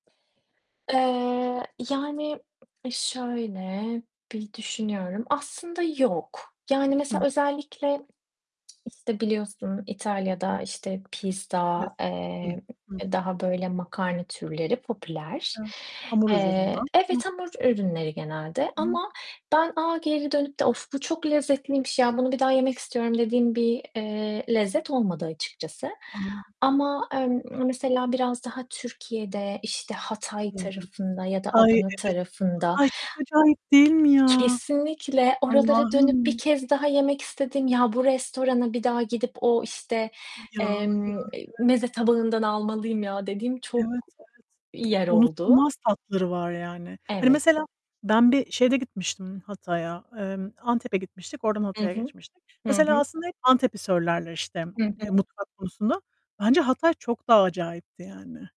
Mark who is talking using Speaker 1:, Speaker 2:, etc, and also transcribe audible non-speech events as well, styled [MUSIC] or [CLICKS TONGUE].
Speaker 1: Eee, yani, e, şöyle, bir düşünüyorum. Aslında yok. Yani,
Speaker 2: Hı.
Speaker 1: mesela özellikle, [CLICKS TONGUE] işte, biliyorsun; İtalya'da, işte, pizza,
Speaker 2: Klasik. Hı.
Speaker 1: eee,
Speaker 2: Hı hı.
Speaker 1: daha böyle makarna türleri popüler.
Speaker 2: Evet. Hamur üzerinden.
Speaker 1: Eee,
Speaker 2: Hı.
Speaker 1: evet, hamur ürünleri genelde
Speaker 2: Hı.
Speaker 1: ama ben, aaa, geri dönüp de "Of! Bu çok lezzetliymiş ya. Bunu bir daha yemek istiyorum." dediğim bir, eee, lezzet olmadı açıkçası.
Speaker 2: Anladım.
Speaker 1: Ama, emm, mesela biraz daha Türkiye'de, işte, Hatay
Speaker 2: Hı hı.
Speaker 1: tarafında ya da
Speaker 2: Ay,
Speaker 1: Adana
Speaker 2: evet.
Speaker 1: tarafında
Speaker 2: Ay, çok acayip değil mi ya?
Speaker 1: Kesinlikle, oralara dönüp bir
Speaker 2: Allah'ım.
Speaker 1: kez daha yemek istediğim, "Ya, bu restorana bir daha gidip o, işte,
Speaker 2: Ya, ya,
Speaker 1: emm,
Speaker 2: evet.
Speaker 1: eee, meze tabağından almalıyım ya." dediğim
Speaker 2: Evet,
Speaker 1: çok
Speaker 2: evet.
Speaker 1: yer oldu.
Speaker 2: Unutulmaz tatları var yani. Hani,
Speaker 1: Evet.
Speaker 2: mesela ben bir şeyde gitmiştim Hatay'a, emm, Antep'e gitmiştik. Oradan
Speaker 1: I
Speaker 2: Hatay'a
Speaker 1: hı.
Speaker 2: geçmiştik.
Speaker 1: Hı
Speaker 2: Mesela
Speaker 1: hı.
Speaker 2: aslında hep Antep'i söylerler, işte,
Speaker 1: Hı
Speaker 2: eee,
Speaker 1: hı.
Speaker 2: mutfak konusunda. Bence Hatay çok daha acayipti yani.